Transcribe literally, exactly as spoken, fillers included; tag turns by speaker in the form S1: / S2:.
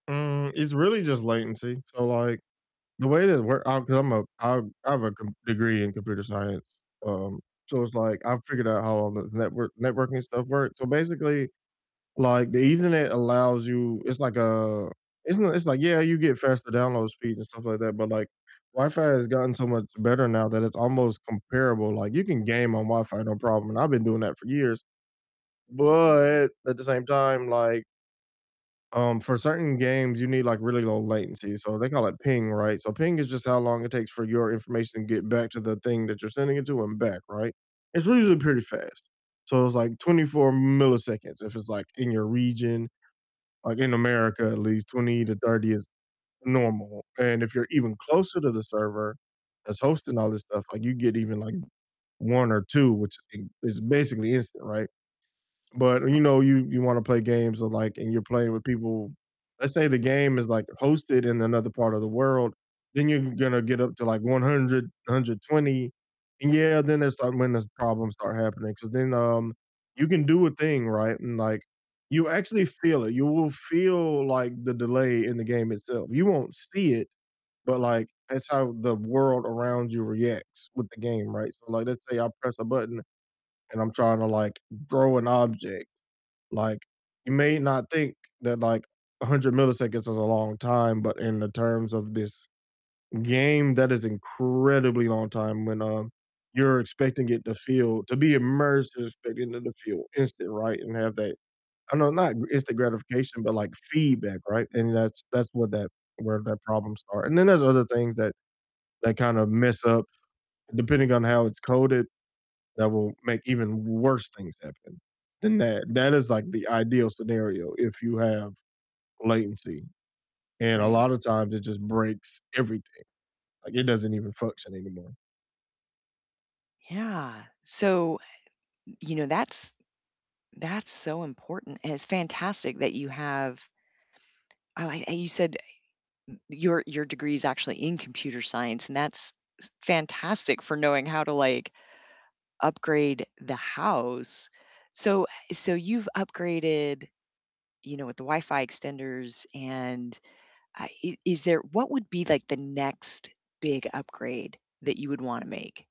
S1: Mm, it's really just latency so, like, the way that it work I 'cause I'm a I I have a com degree in computer science, um, so it's like I've figured out how all the network networking stuff works so, basically, like, the ethernet allows you It's like a it's n it's like, yeah, you get faster download speeds and stuff like that, but, like, Wi-Fi has gotten so much better now that it's almost comparable like, you can game on Wi-Fi, no problem, and I've been doing that for years. But at the same time, like um, for certain games you need, like, really low latency, so they can, like, ping, right? So, ping is just how long it takes for your information to get back to the thing that you're sending it to and back, right? It's usually pretty fast. So, it's, like, twenty-four milliseconds if it's, like, in your region, like, in America at least twenty to thirty is normal and if you're even closer to the server that's hosting all this stuff, like, you get even, like, one or two, which is is basically instant, right? But you
S2: Oh.
S1: know, you you wanna play games or like, and you're playing with people Let's say the game is like hosted in another part of the world, then you're gonna get up to like one-hundred, hundred twenty and yeah, then that's, like, when the problems start happening 'cause then, um, you can do a thing, right? And, like, you actually feel it, you will feel, like, the delay in the game itself you won't see it, but, like, that's how the world around you reacts with the game, right? So, like, let's say I press a button and I'm trying to, like, throw an object, like, you may not think that, like, a hundred milliseconds is a long time, but in the terms of this game, that is incredibly long time when, um, you're expecting it to feel to be immersed and expecting it to feel instant, right? And have that I know not gr instant gratification, but like feedback, right? And that's that's what that where that problem start, and then there's other things that that kind of mess up depending on how it's coded that will make even worse things happen than that that is, like, the ideal scenario if you have latency and a
S2: Right.
S1: lotta times it just breaks everything, like, it doesn't even function anymore.
S2: Yeah, so, y you know, that's that's so important, and it's fantastic that you have I like and you said n your your degree's actually in computer science, and that's s fantastic for knowing how to, like, upgrade the house, so so you've upgraded, you know, with the Wi-Fi extenders, and, uh, i is there What would be, like, the next big upgrade that you would wanna make?